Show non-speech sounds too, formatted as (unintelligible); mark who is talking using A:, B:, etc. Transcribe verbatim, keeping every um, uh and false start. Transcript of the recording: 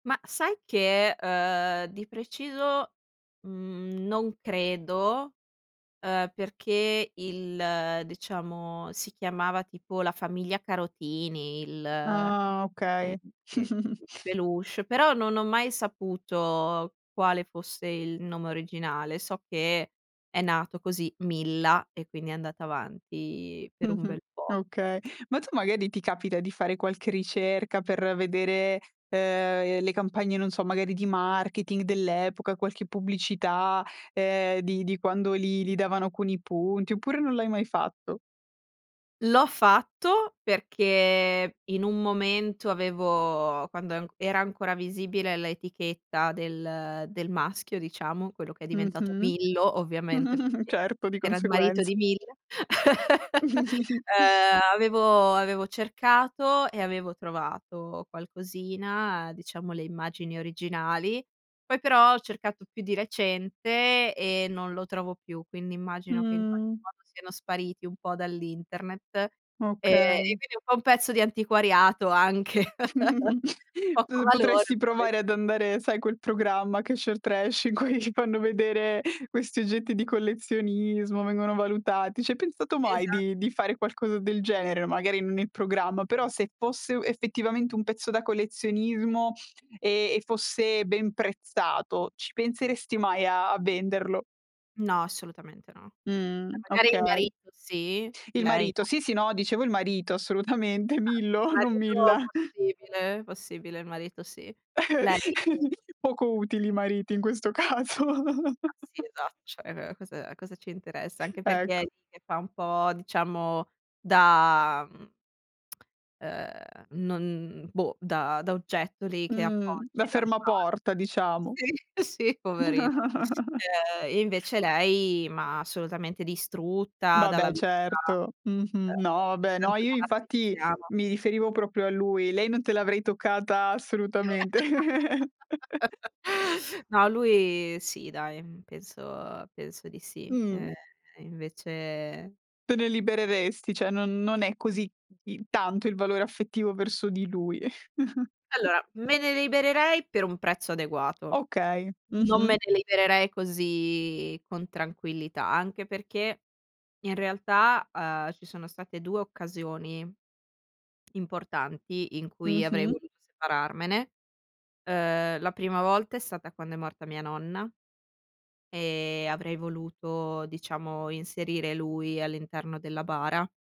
A: Ma sai che, ehm, di preciso, mhmm, non credo, ehm, perché il diciamo, si chiamava, tipo, la Famiglia Carotini il
B: Ah, okay.
A: (unintelligible) il
B: (chuckles)
A: peluche, però non ho mai saputo quale fosse il nome originale. So che è nato così, Milla e quindi è andata avanti per un
B: Mh-mh,
A: bel po'.
B: okay. Ma tu, magari ti capita di fare qualche ricerca per vedere, ehm, le campagne, non so, magari di marketing dell'epoca, qualche pubblicità, ehm, di di quando li li davano con i punti oppure non l'hai mai fatto?
A: L'ho fatto perché in un momento avevo quando an era ancora visibile l'etichetta del del maschio, diciamo, quello che è diventato
B: Mh-mh.
A: Millo, ovviamente,
B: (chuckles)
A: perché
B: Certo, di
A: era il marito
B: conseguenza.
A: di Milla. (laughs)
B: (chuckles)
A: Ehm, avevo avevo cercato e avevo trovato qualcosina, diciamo, le immagini originali, poi, però, ho cercato più di recente e non lo trovo più, quindi immagino che in qualche
B: Mhmm.
A: modo siano spariti un po' dall'internet e e
B: Okay.
A: quindi un po' un pezzo di antiquariato anche. (laughs)
B: (chuckles)
A: Di poco
B: P
A: valore.
B: potresti
A: (unintelligible)
B: provare ad andare, sai, quel programma, Cash or Trash in cui fanno vedere questi oggetti di collezionismo, vengono valutati. Ci hai pensato mai
A: Esa
B: di di fare qualcosa del genere? Magari, non il programma, però, se fosse u effettivamente un pezzo da collezionismo e e fosse ben prezzato, ci penseresti mai a a venderlo?
A: No, assolutamente no. Ce,
B: Mh,
A: magari, il
B: okay.
A: marito sì,
B: Il
A: lei
B: marito,
A: no.
B: sì, sì, no, dicevo il marito, assolutamente.
A: Infatti, il
B: Millo, non
A: marito,
B: Milla.
A: possibile. Possibile, il marito, sì. Lei
B: (chuckles) Poco utili i
A: (chuckles)
B: mariti in questo caso.
A: Ma sì esatto, ceh cosa a cosa ci interessa? Anche perché è
B: Ecco.
A: lì che fa un po', diciamo da, mhmm ehm, non boh, da da oggetto lì che
B: Mh, da
A: appoggi da una parte.
B: fermaporta, diciamo.
A: Sì, sì, poverino,
B: (laughs)
A: ehm, invece lei ma assolutamente distrutta dalla
B: Vabbè,
A: vita.
B: certo. Mh-mh. No,
A: Ehm, ogni
B: vabbè no,
A: tanto
B: io
A: la
B: infatti
A: rappezziamo.
B: mi riferivo proprio a lui. Lei non te l'avrei toccata, assolutamente.
A: (laughs)
B: (laughs) (sniffs)
A: No, lui sì, dai, penso penso di sì.
B: Mh.
A: Ehm, invece
B: Te ne libereresti, ce non non è così i tanto il valore affettivo verso di lui. (chuckles)
A: Allora, me ne libererei per un prezzo adeguato.
B: Okay,
A: Non me
B: mh-mh.
A: ne libererei così con tranquillità. Anche perché, in realtà, uhm, ci sono state due occasioni importanti in cui avrei
B: Mh-mh.
A: voluto separarmene. Ehm, la prima volta è stata quando è morta mia nonna e avrei voluto, diciamo, inserire lui all'interno della bara.